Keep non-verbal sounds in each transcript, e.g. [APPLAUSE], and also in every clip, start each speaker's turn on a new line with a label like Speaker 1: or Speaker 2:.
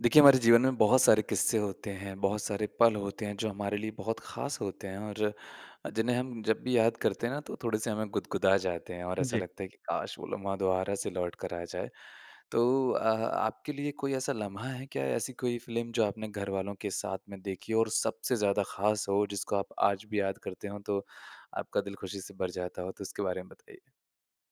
Speaker 1: देखिए, हमारे जीवन में बहुत सारे किस्से होते हैं, बहुत सारे पल होते हैं, जो हमारे लिए बहुत ख़ास होते हैं और जिन्हें हम जब भी याद करते हैं ना, तो थोड़े-से हमें गुदगुदा जाते हैं और ऐसा
Speaker 2: जी।
Speaker 1: लगता है कि काश! वो लम्हा दोबारा से लौटकर आ जाए। तो अ आपके लिए कोई ऐसा लम्हा है क्या, ऐसी कोई फ़िल्म जो आपने घरवालों के साथ में देखी और सबसे ज़्यादा ख़ास हो, जिसको आप आज भी याद करते हों, तो आपका दिल खुशी से भर जाता हो? तो इसके बारे में बताइए।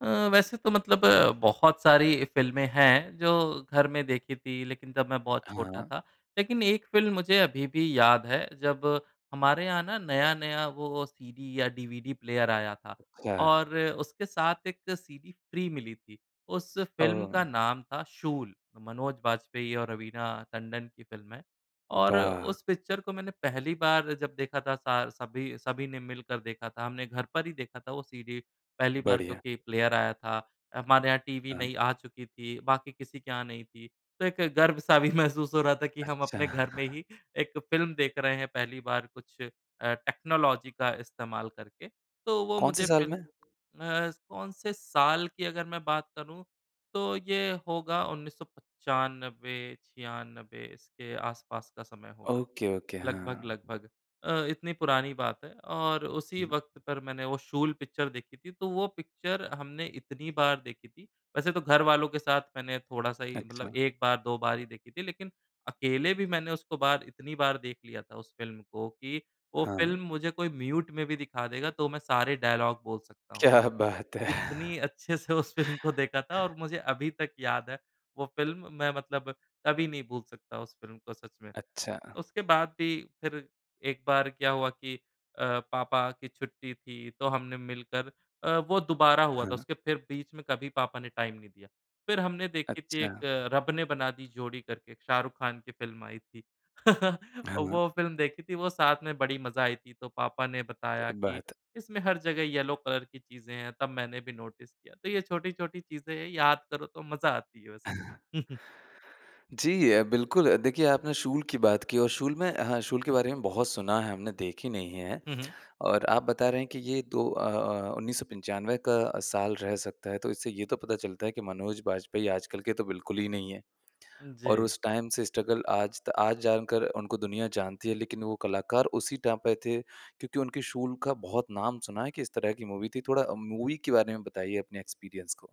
Speaker 2: अ, वैसे तो मतलब अ, बहुत सारी फ़िल्मे हैं जो घर में देखी थी, लेकिन तब मैं बहुत छोटा
Speaker 1: हाँ।
Speaker 2: था। लेकिन एक फ़िल्म मुझे अभी भी याद है, जब हमारे यहाँ ना नया-नया वो सीडी या डीवीडी प्लेयर आया था,
Speaker 1: ख
Speaker 2: और उसके साथ एक सीडी फ़्री मिली थी। उस फ़िल्म का
Speaker 1: ओह!
Speaker 2: नाम था शूल, मनोज बाजपेयी और रवीना टंडन की फ़िल्म है। और
Speaker 1: वाह!
Speaker 2: उस पिक्चर को मैंने पहली बार जब देखा था, सा सभी, सभी ने मिलकर देखा था। हमने घर पर ही देखा था वो सीडी पहली बार
Speaker 1: बढ़िया।
Speaker 2: क्योंकि प्लेयर आया था। अ, हमारे यहाँ टीवी
Speaker 1: हाँ।
Speaker 2: नई आ चुकी थी, बाकी किसी के यहाँ नहीं थी, तो एक गर्व-सा भी महसूस हो रहा था कि हम
Speaker 1: अच्छा।
Speaker 2: अपने घर में
Speaker 1: [CHUCKLES]
Speaker 2: ही एक फ़िल्म देख रहे हैं पहली बार, कुछ अ, टेक्नोलॉजी का इस्तेमाल करके। तो वो
Speaker 1: कौन से
Speaker 2: मुझे
Speaker 1: साल
Speaker 2: फिर म
Speaker 1: में?
Speaker 2: अ, कौन से साल की अगर मैं बात करूँ, तो ये होगा 1995-96 इसके आसपास का समय होगा,
Speaker 1: ओके, ओके। हाँ।
Speaker 2: लगभग-लगभग अ, इतनी पुरानी बात है। और उसी वक़्त पर मैंने वो शूल पिक्चर देखी थी, तो वो पिक्चर हमने इतनी बार देखी थी। वैसे तो घरवालों के साथ मैंने थोड़ा-सा ही मतलब
Speaker 1: अच्छा।
Speaker 2: 1 बार 2 बार ही देखी थी लेकिन अकेले भी मैंने उसको बार इतनी बार देख लिया था उस फ़िल्म को कि, वो फ़िल्म
Speaker 1: हाँ।
Speaker 2: मुझे कोई म्यूट में भी दिखा देगा तो मैं सारे डायलॉग बोल सकता हूँ।
Speaker 1: क्या बात है!
Speaker 2: इतनी अच्छे से उस फ़िल्म को देखा था और मुझे अभी तक याद है वो फ़िल्म, मैं मतलब कभी नहीं भूल सकता उस फ़िल्म को सच में।
Speaker 1: अच्छा।
Speaker 2: उसके बाद भी फिर एक बार क्या हुआ कि अ, पापा की छुट्टी थी, तो हमने मिलकर अ, वो दोबारा हुआ था,
Speaker 1: हाँ।
Speaker 2: उसके फिर बीच में कभी पापा ने टाइम नहीं दिया। फिर हमने देखी थी एक,
Speaker 1: अच्छा।
Speaker 2: रब ने बना दी जोड़ी करके, एक शाहरुख़ ख़ान की फ़िल्म आई थी। [LAUGHS]
Speaker 1: हाँ।
Speaker 2: वो फ़िल्म देखी थी, वो साथ में बड़ी मज़ा आई थी। तो पापा ने बताया
Speaker 1: क्या
Speaker 2: कि
Speaker 1: बात है!
Speaker 2: इसमें हर जगह येल्लो कलर की चीज़ें हैं, तब मैंने भी नोटिस किया। तो ये छोटी-छोटी चीज़ें हैं, याद करो तो मज़ा आती है बस। [CHUCKLES]
Speaker 1: जी अ, बिल्कुल। देखिए, आपने शूल की बात की और शूल मैं हाँ, शूल के बारे में बहुत सुना है हमने, देखी नहीं है।
Speaker 2: हुँ, हुँ।
Speaker 1: और आप बता रहे हैं कि ये दो अ अ, 1995 का साल रह सकता है, तो इससे ये तो पता चलता है कि मनोज बाजपेयी आजकल के तो बिल्कुल ही नहीं है। और
Speaker 2: जी।
Speaker 1: उस टाइम से स्ट्रगल, आज त आज जानकर उनको दुनिया जानती है, लेकिन वो कलाकार उसी टाइम पे थे, क्योंकि उनके शूल का बहुत नाम सुना है कि इस तरह की मूवी थी। थोड़ा मूवी के बारे में बताइए अपने एक्सपीरियंस को।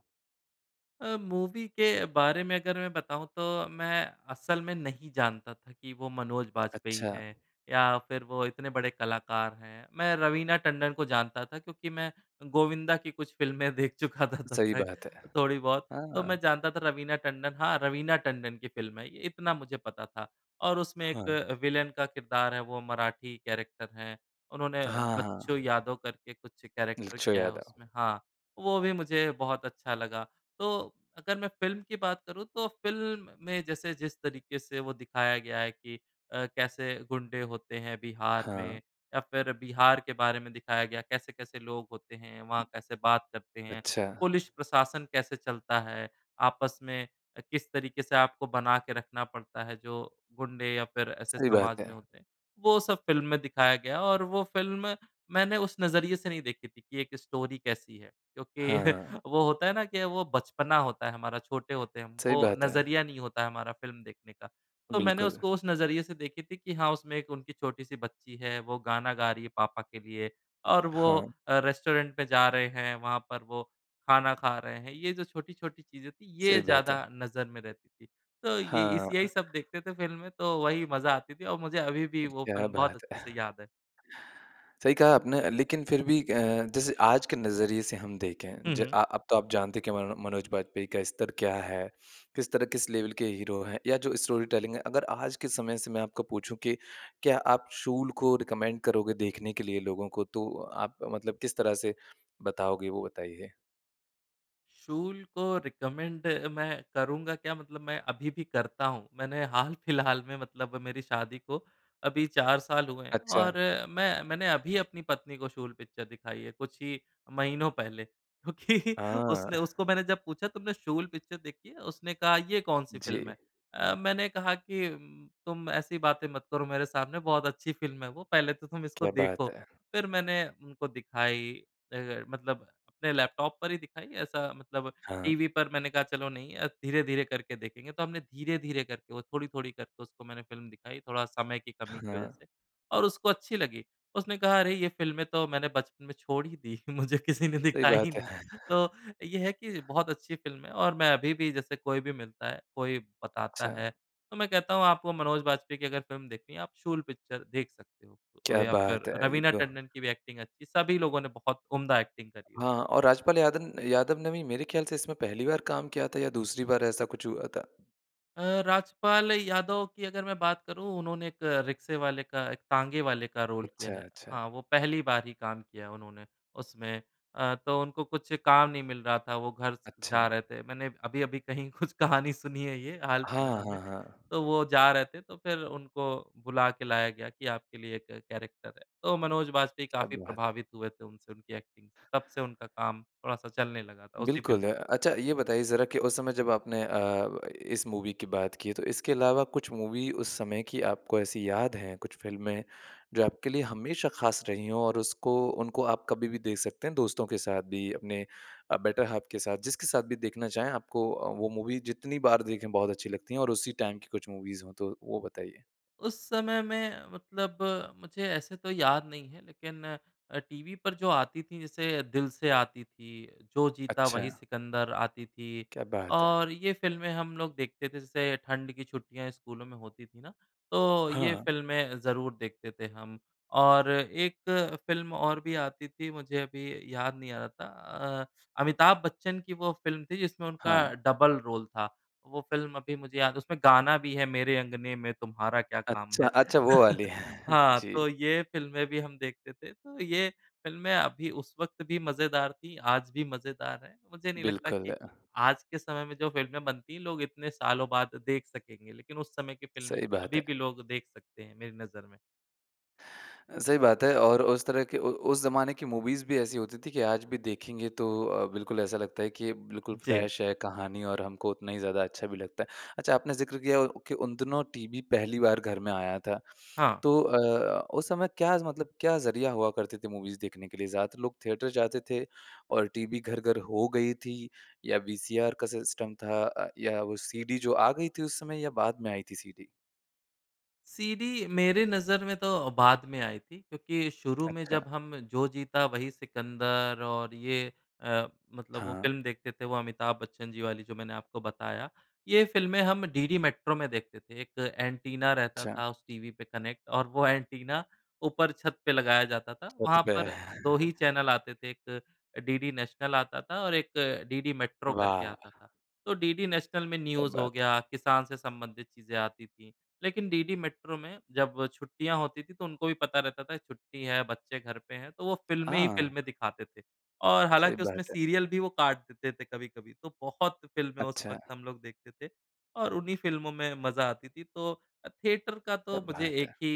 Speaker 2: अ, मूवी के बारे में अगर मैं बताऊँ, तो मैं असल में नहीं जानता था कि वो मनोज बाजपेयी
Speaker 1: अच्छा।
Speaker 2: हैं या फिर वो इतने बड़े कलाकार हैं। मैं रवीना टंडन को जानता था क्योंकि मैं गोविंदा की कुछ फ़िल्में देख चुका था तब
Speaker 1: सही
Speaker 2: तक,
Speaker 1: बात हैं।
Speaker 2: थोड़ी बहुत, तो
Speaker 1: हाँ।
Speaker 2: मैं जानता था रवीना टंडन हाँ, रवीना टंडन की फ़िल्म है ये, इतना मुझे पता था। और उसमें
Speaker 1: हाँ।
Speaker 2: एक विलेन का किरदार है, वो मराठी कैरेक्टर हैं, उन्होंने
Speaker 1: हाँ,
Speaker 2: बच्चू
Speaker 1: हाँ।
Speaker 2: यादव करके कुछ कैरेक्टर
Speaker 1: बच्चू
Speaker 2: किया है
Speaker 1: यादव।
Speaker 2: उसमें। हाँ, वो भी मुझे बहुत अच्छा लगा। तो अगर मैं फ़िल्म की बात करूँ, तो फ़िल्म में जैसे जिस तरीके से वो दिखाया गया है कि अ, कैसे गुंडे होते हैं बिहार
Speaker 1: हाँ।
Speaker 2: में, या फिर बिहार के बारे में दिखाया गया, कैसे-कैसे लोग होते हैं, वहाँ कैसे बात करते हैं,
Speaker 1: अच्छा।
Speaker 2: पुलिस प्रशासन कैसे चलता है, आपस में अ, किस तरीके से आपको बना के रखना पड़ता है जो गुंडे या फिर ऐसे
Speaker 1: सही बात
Speaker 2: समाज में
Speaker 1: है।
Speaker 2: होते हैं, वो सब फ़िल्म में दिखाया गया और वो फ़िल्म मैंने उस नजरिए से नहीं देखी थी कि एक स्टोरी कैसी है क्योंकि
Speaker 1: हाँ।
Speaker 2: [CHUCKLES] वो होता है ना कि वो बचपना होता है हमारा, छोटे होते हैं हम।
Speaker 1: सही
Speaker 2: वो
Speaker 1: बात है।
Speaker 2: नज़रिया नहीं होता है हमारा फ़िल्म देखने का। तो मैंने
Speaker 1: बिल्कुल।
Speaker 2: उसको उस नज़रिए से देखी थी कि हाँ, उसमें एक उनकी छोटी-सी बच्ची है, वो गाना गा रही है पापा के लिए और वो
Speaker 1: हाँ।
Speaker 2: अ, रेस्टोरेंट पे जा रहे हैं, वहाँ पर वो खाना खा रहे हैं। ये जो छोटी-छोटी चीजें थीं, ये
Speaker 1: सही बात
Speaker 2: ज़्यादा
Speaker 1: है।
Speaker 2: नज़र में रहती थीं। तो ये इस यही
Speaker 1: हाँ।
Speaker 2: सब देखते थे फ़िल्म में, तो वही मज़ा आती थी, और मुझे अभी भी वो
Speaker 1: क्या
Speaker 2: फ़िल्म बहुत
Speaker 1: बात
Speaker 2: अच्छे से
Speaker 1: है!
Speaker 2: याद है।
Speaker 1: सही कहा आपने अ, लेकिन फिर भी अ, जैसे आज के नज़रिए से हम देखें,
Speaker 2: हुँ,
Speaker 1: ज
Speaker 2: हुँ।
Speaker 1: अ अब तो आप जानते हैं कि मनो मनोज बाजपेयी का स्तर क्या है, किस तरह, किस लेवल के हीरो हैं या जो स्टोरी टेलिंग है। अगर आज के समय से मैं आपको पूछूँ कि क्या आप शूल को रिकमेंड करोगे देखने के लिए लोगों को? तो आप मतलब किस तरह से बताओगे, वो बताइए।
Speaker 2: शूल को रिकमेंड मैं करूँगा क्या, मतलब मैं अभी भी करता हूँ। मैंने हाल फिलहाल में, मतलब मेरी शादी को अभी 4 साल हुए हैं,
Speaker 1: अच्छा।
Speaker 2: और मै मैंने अभी अपनी पत्नी को शूल पिक्चर दिखाई है, कुछ ही महीनों पहले, क्योंकि
Speaker 1: हाँ।
Speaker 2: उसने उसको मैंने जब पूछा, "तुमने शूल पिक्चर देखी है?" उसने कहा, "ये कौन सी फिल्म है?"
Speaker 1: जी।
Speaker 2: अ, मैंने कहा कि उम, "तुम ऐसी बातें मत करो मेरे सामने, बहुत अच्छी फ़िल्म है वो, पहले तो तुम इसको
Speaker 1: क्या
Speaker 2: देखो।"
Speaker 1: बात है!
Speaker 2: फिर मैंने उनको दिखाई, ए ए मतलब अपने लैपटॉप पर ही दिखाई, ऐसा मतलब
Speaker 1: हाँ।
Speaker 2: टीवी पर मैंने कहा, "चलो नहीं अ, धीरे-धीरे करके देखेंगे।" तो हमने धीरे-धीरे करके, वो थोड़ी-थोड़ी करके उसको मैंने फ़िल्म दिखाई, थोड़ा समय की कमी की वजह
Speaker 1: हाँ।
Speaker 2: से और उसको अच्छी लगी। उसने कहा, "अरे, ये फ़िल्में तो मैंने बचपन में छोड़ ही दी, मुझे किसी ने
Speaker 1: सही
Speaker 2: दिखाया ही
Speaker 1: बात है।
Speaker 2: नहीं।"
Speaker 1: [CHUCKLES]
Speaker 2: तो, ये है कि बहुत अच्छी फ़िल्म है, और मैं अभी भी, जैसे कोई भी मिलता है, कोई बताता
Speaker 1: अच्छा।
Speaker 2: है, तो मैं कहता हूँ, "आपको मनोज बाजपेयी की अगर फ़िल्म देखनी है, आप शूल पिक्चर देख सकते हो।" ओ
Speaker 1: क्या
Speaker 2: या
Speaker 1: बात
Speaker 2: फिर
Speaker 1: है! ये
Speaker 2: रवीना
Speaker 1: तो
Speaker 2: टंडन की भी एक्टिंग अच्छी, सभी लोगों ने बहुत उम्दा एक्टिंग करी है
Speaker 1: हाँ,
Speaker 2: उसमें।
Speaker 1: और राजपाल यादन यादव ने भी मेरे ख़्याल से इसमें पहली बार काम किया था या दूसरी बार, ऐसा कुछ हुआ था।
Speaker 2: अ, राजपाल यादव की अगर मैं बात करूँ, उन्होंने एक रिक्शे वाले का एक तांगे वाले का रोल किया
Speaker 1: अच्छा,
Speaker 2: है।
Speaker 1: अच्छा।
Speaker 2: हाँ, वो पहली बार ही काम किया उन्होंने उसमें। अ, तो उनको कुछ काम नहीं मिल रहा था, वो घर से जा
Speaker 1: अच्छा।
Speaker 2: रहे थे। मैंने अभी-अभी कहीं कुछ कहानी सुनी है ये, हाल
Speaker 1: हाँ,
Speaker 2: फिलहाल में।
Speaker 1: हाँ, हाँ।
Speaker 2: तो वो जा रहे थे, तो फिर उनको बुला के लाया गया कि आपके लिए एक कैरेक्टर है। तो मनोज बाजपेयी
Speaker 1: क्या
Speaker 2: काफ़ी
Speaker 1: बात है!
Speaker 2: प्रभावित हुए थे उनसे, उनकी एक्टिंग से। तब से उनका काम थोड़ा-सा चलने लगा था, उसी फिल्म
Speaker 1: बिल्कुल, अ अच्छा, ये बताइए ज़रा कि उस समय जब आपने अ, इस मूवी की बात की है। तो इसके अलावा कुछ मूवी उस समय की आपको ऐसी याद हैं, कुछ फ़िल्में, जो आपके लिए हमेशा ख़ास रही हों और उसको उनको आप कभी भी देख सकते हैं, दोस्तों के साथ भी, अपने अ, बेटर हाफ़ के साथ, जिसके साथ भी देखना चाहें, आपको अ, वो मूवी जितनी बार देखें, बहुत अच्छी लगती हैं? और उसी टाइम की कुछ मूवीज़ हों, तो वो बताइए।
Speaker 2: उस समय में मतलब मुझे ऐसे तो याद नहीं है, लेकिन अ, टीवी पर जो आती थी, जैसे दिल से आती थी, जो जीता वही
Speaker 1: अच्छा।
Speaker 2: सिकंदर आती थी,
Speaker 1: क्या बात है!
Speaker 2: और ये फ़िल्में हम लोग देखते थे। जैसे ठंड की छुट्टियाँ स्कूलों में होती थीं ना, तो ये
Speaker 1: हाँ।
Speaker 2: फ़िल्में ज़रूर देखते थे हम। और एक फ़िल्म और भी आती थी, मुझे अभी याद नहीं आ रहा था। अ, अमिताभ बच्चन की वो फ़िल्म थी जिसमें उनका
Speaker 1: हाँ।
Speaker 2: डबल रोल था। वो फिल्म अभी मुझे याद है, उसमें गाना भी है, मेरे अंगने में तुम्हारा क्या काम
Speaker 1: अच्छा,
Speaker 2: है।
Speaker 1: अच्छा, वो वाली।
Speaker 2: [CHUCKLES]
Speaker 1: [CHUCKLES]
Speaker 2: हाँ, तो
Speaker 1: जी।
Speaker 2: ये फ़िल्में भी हम देखते थे। तो ये फ़िल्में अभी उस वक़्त भी मज़ेदार थीं, आज भी मज़ेदार हैं। मुझे नहीं लगता कि
Speaker 1: बिल्कुल।
Speaker 2: आज के समय में जो फ़िल्में बनती हैं, लोग इतने सालों बाद देख सकेंगे, लेकिन उस समय की फ़िल्में
Speaker 1: सही बात
Speaker 2: अभी भी
Speaker 1: है।
Speaker 2: लोग देख सकते हैं, मेरी नज़र में।
Speaker 1: अ, सही बात है, और उस तरह के उ उस ज़माने की मूवीज़ भी ऐसी होती थीं कि आज भी देखेंगे तो अ, बिल्कुल ऐसा लगता है कि ये बिल्कुल
Speaker 2: जी।
Speaker 1: फ़्रेश है कहानी और हमको उतना ही ज़्यादा अच्छा भी लगता है। अच्छा, आपने ज़िक्र किया उ कि उन दिनों टीवी पहली बार घर में आया था,
Speaker 2: हाँ।
Speaker 1: तो अ, उस समय क्या ज़ मतलब क्या ज़रिया हुआ करते थे मूवीज़ देखने के लिए? ज़्यादातर लोग थिएटर जाते थे और टीवी घर-घर हो गई थी, या वीसीआर का सिस्टम था अ, या वो सीडी जो आ गई थी उस समय या बाद में आई थी सीडी?
Speaker 2: सीडी मेरे नज़र में तो, बाद में आई थी। क्योंकि शुरू में जब
Speaker 1: अच्छा।
Speaker 2: हम जो जीता वही सिकंदर और ये अ, मतलब वो
Speaker 1: हाँ।
Speaker 2: फ़िल्म देखते थे वो अमिताभ बच्चन जी वाली जो मैंने आपको बताया। ये फ़िल्में हम डीडी मैट्रो में देखते थे। 1 एन्टीना रहता
Speaker 1: अच्छा।
Speaker 2: था उस टीवी पे कनैक्ट और वो एन्टीना ऊपर छत पे लगाया जाता था।
Speaker 1: वो तो
Speaker 2: वहाँ पर
Speaker 1: बह
Speaker 2: 2 ही चैनल आते थे एक डीडी नैशनल आता था और एक डीडी मैट्रो करके
Speaker 1: वाह!
Speaker 2: आता था। तो डीडी नैशनल में
Speaker 1: क्या
Speaker 2: न्यूज़ हो
Speaker 1: बात है।
Speaker 2: गया किसान से संबंधित चीज़ें आती थी। लेकिन डीडी मैट्रो में जब छुट्टियाँ होती थी तो उनको भी पता रहता था छुट्टी है बच्चे घर पे हैं तो वो फ़िल्में ही
Speaker 1: हाँ।
Speaker 2: फ़िल्में दिखाते थे। और
Speaker 1: सही
Speaker 2: हालाँकि उसमें
Speaker 1: बात है।
Speaker 2: सीरियल भी वो काट देते थे कभी-कभी तो बहुत फ़िल्में उस
Speaker 1: अच्छा!
Speaker 2: वक़्त हम लोग देखते थे और उन्हीं फ़िल्मों में मज़ा आती थी। तो अ, थियेटर का तो
Speaker 1: क्या
Speaker 2: मुझे
Speaker 1: बात
Speaker 2: एक
Speaker 1: है।
Speaker 2: ही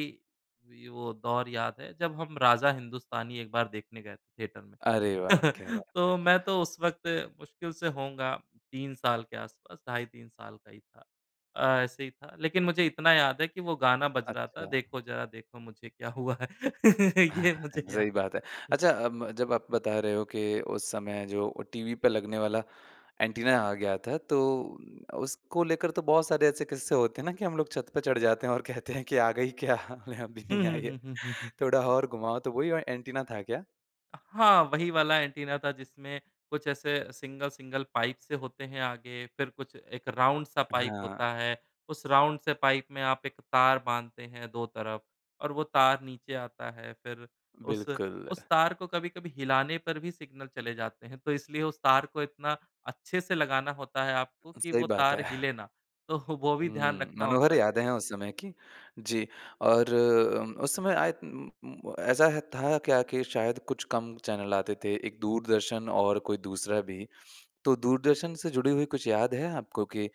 Speaker 2: ये वो दौर याद है जब हम राजा हिंदुस्तानी एक बार देखने गए थे थियेटर में।
Speaker 1: अरे वाह! क्या बात
Speaker 2: [CHUCKLES]
Speaker 1: है।
Speaker 2: तो मैं तो उस वक़्त मुश्किल से होऊँगा 3 साल के आसपास ढाई 3 साल का ही था अ, ऐसे ही था। लेकिन मुझे इतना याद है कि वो गाना बज रहा था
Speaker 1: अच्छा।
Speaker 2: देखो ज़रा देखो मुझे क्या हुआ है। ये मुझे
Speaker 1: [CHUCKLES]
Speaker 2: याद
Speaker 1: सही बात है। अच्छा अम जब आप बता रहे हो कि उस समय जो वो टीवी पे लगने वाला एंटीना आ गया था तो उसको लेकर तो बहुत सारे ऐसे किस्से होते हैं ना, कि हम लोग छत पे चढ़ जाते हैं और कहते हैं कि आ गई क्या? नहीं अभी
Speaker 2: हुँ,
Speaker 1: नहीं आई है।
Speaker 2: हुँ, हुँ, हुँ, हुँ।
Speaker 1: थोड़ा और घुमाओ तो वो ही औ एंटीना था क्या?
Speaker 2: हाँ, वही वाला एंटीना था जिसमें कुछ ऐसे सिंगल सिंगल पाइप्स से होते हैं आगे। फिर कुछ 1 राउंड सा पाइप
Speaker 1: हाँ।
Speaker 2: होता है। उस राउंड से पाइप में आप 1 तार बाँधते हैं दो तरफ़ और वो तार नीचे आता है। फिर उस
Speaker 1: बिल्कुल।
Speaker 2: उस तार को कभी-कभी हिलाने पर भी सिग्नल चले जाते हैं तो इसलिए उसे तार को इतना अच्छे से लगाना होता है आपको कि
Speaker 1: सही
Speaker 2: वो
Speaker 1: बात
Speaker 2: तार
Speaker 1: है।
Speaker 2: हिले ना। तो वो भी ध्यान
Speaker 1: हुँ,
Speaker 2: रखना
Speaker 1: मनोहर
Speaker 2: होता है।
Speaker 1: यादें है उस समय की। जी और उम उस समय आय उम उम्म ऐसा है था कि आखिर शायद कुछ कम चैनल आते थे। एक दूरदर्शन और कोई दूसरा भी। तो दूरदर्शन से जुड़ी हुई कुछ याद है आपको कि अ,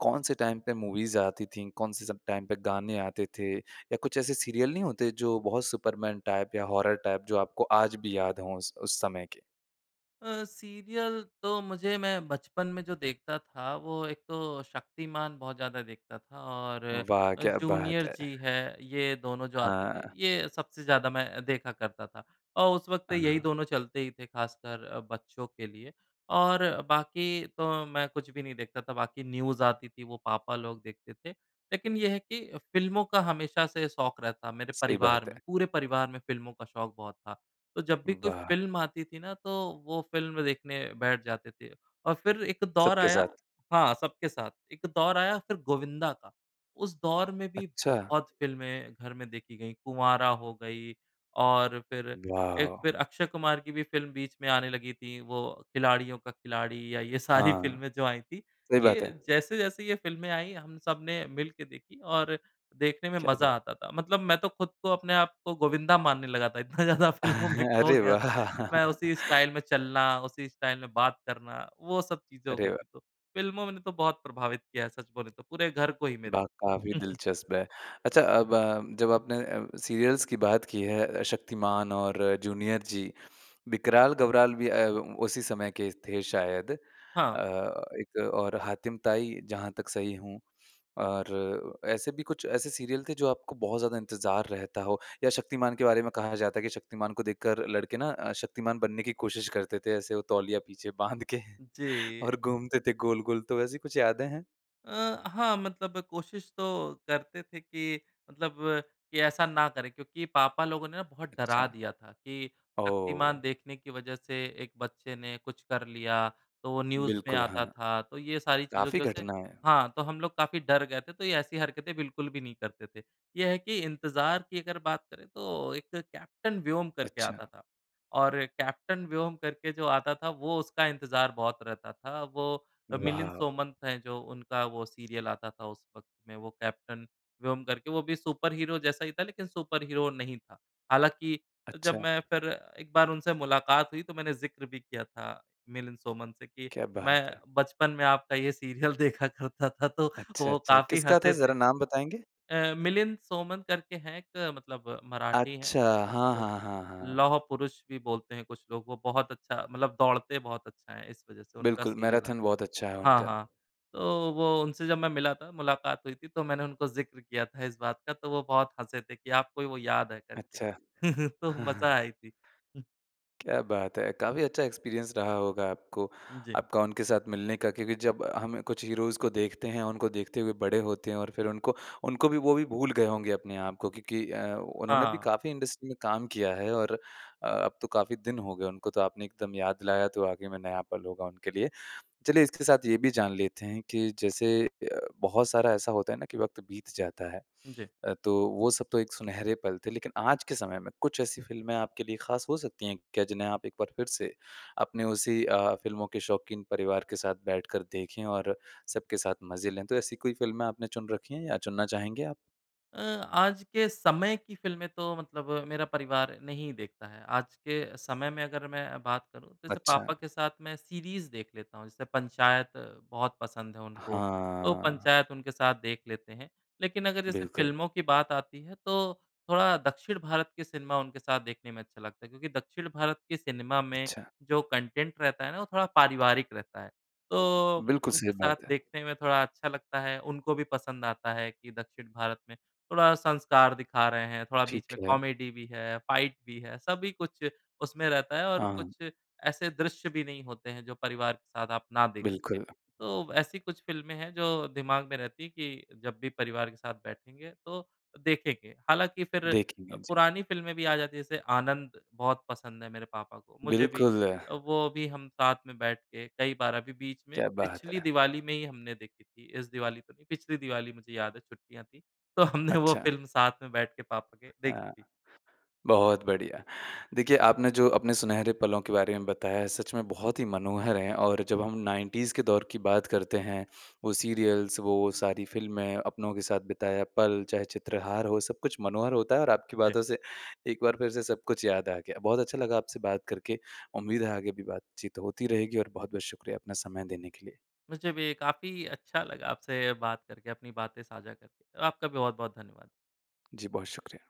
Speaker 1: कौन-से टाइम पे मूवीज़ आती थी? कौन-से सब टाइम पे गाने आते थे या कुछ ऐसे सीरियल नहीं होते जो बहुत सुपरमैन टाइप या हॉरर टाइप जो आपको आज भी याद हो उस उस समय के?
Speaker 2: अ, सीरियल तो मुझे मैं बचपन में जो देखता था वो एक तो शक्तिमान बहुत ज़्यादा देखता था और
Speaker 1: वाह!
Speaker 2: अ,
Speaker 1: क्या बात
Speaker 2: जूनियर
Speaker 1: है।
Speaker 2: जी है। ये दोनों जो आते थे
Speaker 1: हाँ।
Speaker 2: ये सबसे ज़्यादा मैं देखा करता था। और उस वक़्त यही
Speaker 1: हाँ।
Speaker 2: दोनों चलते ही थे ख़ासकर अ, बच्चों के लिए और बाकी तो मैं कुछ भी नहीं देखता था। बाकी न्यूज़ आती थी वो पापा लोग देखते थे। लेकिन ये है कि फ़िल्मों का हमेशा से शौक रहता मेरे
Speaker 1: सही
Speaker 2: परिवार
Speaker 1: बात
Speaker 2: में।
Speaker 1: है।
Speaker 2: पूरे परिवार में फ़िल्मों का शौक बहुत था। तो जब भी कोई
Speaker 1: वाह!
Speaker 2: फ़िल्म आती थी ना, तो वो फ़िल्म देखने बैठ जाते थे और फिर एक दौर
Speaker 1: सबके
Speaker 2: आया
Speaker 1: साथ।
Speaker 2: हाँ सबके साथ। एक दौर आया फिर गोविंदा का। उस दौर में भी
Speaker 1: अच्छा!
Speaker 2: बहुत फ़िल्में घर में देखी गईं। कुँवारा हो गई और फिर एक
Speaker 1: वाओ।
Speaker 2: फिर अक्षय कुमार की भी फ़िल्म बीच में आने लगी थी। वो खिलाड़ियों का खिलाड़ी या ये सारी
Speaker 1: हाँ।
Speaker 2: फ़िल्में जो आई थी।
Speaker 1: सही
Speaker 2: ये
Speaker 1: बात है।
Speaker 2: जैसे-जैसे ये फ़िल्में आईं हम सबने मिलकर देखीं और देखने में
Speaker 1: क्या
Speaker 2: मज़ा
Speaker 1: बात।
Speaker 2: आता था। मतलब मैं तो खुद को अपने आप को गोविंदा मानने लगा था। इतना ज़्यादा फ़िल्मों में खो
Speaker 1: अरे
Speaker 2: गया तो मैं उसी
Speaker 1: वाह!
Speaker 2: स्टाइल में चलना उसी स्टाइल में बात करना। वो सब चीज़ें हो
Speaker 1: अरे
Speaker 2: गई
Speaker 1: वाह!
Speaker 2: थी तो फ़िल्मों में ने तो बहुत प्रभावित किया है सच बोले तो। पूरे घर को ही मेरे।
Speaker 1: वाह! काफ़ी
Speaker 2: [CHUCKLES]
Speaker 1: दिलचस्प है। अच्छा अब अ, जब अपने अ, सीरियल्स की बात की है। अ, शक्तिमान और जूनियर जी। विकराल-गबराल भी अ, उसी समय के थे शायद। अ,
Speaker 2: हाँ।
Speaker 1: एक और हातिमताई जहाँ तक सही हूँ और ऐसे भी कुछ ऐसे सीरियल थे जो आपको बहुत ज़्यादा इंतज़ार रहता हो या शक्तिमान के बारे में कहा जाता है कि शक्तिमान को देखकर लड़के ना अ, शक्तिमान बनने की कोशिश करते थे। ऐसे वो तौलिया पीछे बाँध के
Speaker 2: जी।
Speaker 1: और घूमते थे गोल-गोल। तो वैसी कुछ यादें हैं?
Speaker 2: अ, हाँ मतलब कोशिश तो करते थे कि मतलब कि ऐसा ना करें। क्योंकि पापा लोगों ने बहुत
Speaker 1: अच्छा।
Speaker 2: डरा दिया था कि शक्तिमान
Speaker 1: ओह!
Speaker 2: देखने की वज़ह से एक बच्चे ने कुछ कर लिया। तो वो न्यूज़ में
Speaker 1: बिल्कुल हाँ।
Speaker 2: आता था। तो ये सारी चीज़ों
Speaker 1: काफ़ी
Speaker 2: की वज़ह से
Speaker 1: घटनाएँ।
Speaker 2: हाँ, तो हम लोग काफ़ी डर गए थे। तो ये ऐसी हरकतें बिल्कुल भी नहीं करते थे। ये है कि इंतज़ार की अगर बात करें तो एक कैप्टेन व्योम करके
Speaker 1: अच्छा।
Speaker 2: आता था और कैप्टेन व्योम करके जो आता था वो उसका इंतज़ार बहुत रहता था। वो अ, मिलिंद
Speaker 1: वाओ।
Speaker 2: सोमन हैं जो उनका वो सीरियल आता था उस वक़्त में वो कैप्टन व्योम करके। वो भी सुपरहीरो जैसा ही था लेकिन सुपरहीरो वो नहीं था। हालाँकि जब
Speaker 1: अच्छा।
Speaker 2: मैं फिर एक बार उनसे मुलाकात हुई तो मैंने ज़िक्र भी किया था मिलिंद सोमन से कि
Speaker 1: क्या बात
Speaker 2: मैं
Speaker 1: है।
Speaker 2: बचपन में आपका ये सीरियल देखा करता था तो वो
Speaker 1: अच्छा-अच्छा।
Speaker 2: काफ़ी
Speaker 1: किसका था
Speaker 2: हँसे थे।
Speaker 1: ज़रा नाम बताएँगे?
Speaker 2: अ, मिलिंद सोमन करके हैं एक मतलब मराठी हैं
Speaker 1: अच्छा। हाँ,
Speaker 2: उनको
Speaker 1: हाँ, हाँ, हाँ।
Speaker 2: लौह पुरुष भी बोलते हैं कुछ लोग। वो बहुत अच्छा मतलब दौड़ते बहुत अच्छा है इस वज़ह से उनका
Speaker 1: बिल्कुल।
Speaker 2: सीरियल आता
Speaker 1: मैराथन बहुत अच्छा है
Speaker 2: है। हाँ,
Speaker 1: उनका।
Speaker 2: हाँ। तो वो उनसे जब मैं मिला था मुलाकात हुई थी तो मैंने उनको ज़िक्र किया था इस बात का तो वो बहुत हँसे थे कि आपको ही वो याद है करके।
Speaker 1: अच्छा।
Speaker 2: [LAUGHS] तो मज़ा
Speaker 1: [CHUCKLES]
Speaker 2: आई थी। [CHUCKLES]
Speaker 1: क्या बात है। काफ़ी अच्छा एक्सपीरियंस रहा होगा आपको।
Speaker 2: जी।
Speaker 1: आपका उनके साथ मिलने का क्योंकि जब हमें कुछ हीरोज़ इसको देखते हैं और उनको देखते हुए बड़े होते हैं और फिर उनको, उनको भी वो भी भूल गए होंगे अपने आप को क्योंकि अ, उन्होंने भी
Speaker 2: हाँ।
Speaker 1: काफ़ी इंडस्ट्री में काम किया है। और अ, अब तो काफ़ी दिन हो गए उनको तो आपने एकदम याद दिलाया तो वाक़ई में नया पल होगा उनके लिए। चलिए इसके साथ ये भी जान लेते हैं कि जैसे अ, बहुत सारा ऐसा होता है ना कि वक़्त बीत जाता है।
Speaker 2: जी।
Speaker 1: अ, तो वो सब तो एक सुनहरे पल थे लेकिन आज के समय में कुछ ऐसी फिल्में आपके लिए ख़ास हो सकती हैं क्या जिन्हें आप एक बार फिर से अपने उसी अ, फिल्मों के शौकीन परिवार के साथ बैठकर देखें और सबके साथ मज़े लें? तो ऐसी कोई फिल्में आपने चुन रखे हैं या चुनना चाहेंगे आप?
Speaker 2: अ, आज के समय की फ़िल्में तो मतलब मेरा परिवार नहीं देखता है। आज के समय में अगर मैं बात करूँ तो जैसे पापा
Speaker 1: अच्छा।
Speaker 2: के साथ मैं सीरीज़ देख लेता हूँ जैसे पंचायत बहुत पसंद है उनको। तो
Speaker 1: हाँ।
Speaker 2: पंचायत उनके साथ देख लेते हैं। लेकिन अगर जैसे
Speaker 1: बिल्कुल।
Speaker 2: फ़िल्मों की बात आती है तो थोड़ा दक्षिण भारत के सिनेमा उनके साथ देखने में अच्छा लगता है। क्योंकि दक्षिण भारत के सिनेमा में
Speaker 1: अच्छा।
Speaker 2: जो कॉन्टेन्ट रहता है ना वो थोड़ा पारिवारिक रहता है।
Speaker 1: अ,
Speaker 2: तो
Speaker 1: बिल्कुल सही
Speaker 2: उनके साथ
Speaker 1: बात है।
Speaker 2: देखने में थोड़ा अच्छा लगता है। उनको भी पसंद आता है कि दक्षिण भारत में थोड़ा संस्कार दिखा रहे हैं थोड़ा बीच
Speaker 1: ठीक
Speaker 2: में
Speaker 1: है।
Speaker 2: कॉमेडी भी है फाइट भी है। सभी कुछ उसमें रहता है और
Speaker 1: हाँ।
Speaker 2: कुछ ऐसे दृश्य भी नहीं होते हैं जो परिवार के साथ आप ना देख सकें।
Speaker 1: बिल्कुल।
Speaker 2: तो ब ऐसी कुछ फ़िल्में हैं जो दिमाग में रहती हैं कि जब भी परिवार के साथ बैठेंगे तो देखेंगे। हालाँकि फिर अ,
Speaker 1: देखेंगे। जी।
Speaker 2: पुरानी फ़िल्में भी आ जाती है जैसे आनंद बहुत पसंद है मेरे पापा को मुझे भी।
Speaker 1: बिल्कुल।
Speaker 2: अ, वो भी हम साथ में बैठ के कई बार अभी बीच में
Speaker 1: क्या बात
Speaker 2: पिछली
Speaker 1: है।
Speaker 2: दिवाली में ही हमने देखी थी। इस दिवाली तो नहीं। पिछली दिवाली मुझे याद है छुट्टियाँ थी। तो हमने वो
Speaker 1: अच्छा।
Speaker 2: फ़िल्म साथ में बैठ के पापा के देखी
Speaker 1: हाँ।
Speaker 2: थी।
Speaker 1: बहुत बढ़िया। देखिए आपने जो अपने सुनहरे पलों के बारे में बताया सच में बहुत ही मनोहर है और जब हम 90s के दौर की बात करते हैं। वो सीरियल्स वो सारी फिल्में अपनों के साथ बिताया पल। चाहे चित्रहार हो सब कुछ मनोहर होता है और आपकी
Speaker 2: जी।
Speaker 1: बातों से एक बार फिर से सब कुछ याद आ गया। बहुत अच्छा लगा आपसे बात करके। उम्मीद है आगे भी बातचीत होती रहेगी और बहुत-बहुत शुक्रिया अपना समय देने के लिए।
Speaker 2: मुझे भी काफ़ी अच्छा लगा आपसे बात करके अपनी बातें साझा करके और आपका बहुत-बहुत धन्यवाद।
Speaker 1: जी। बहुत शुक्रिया।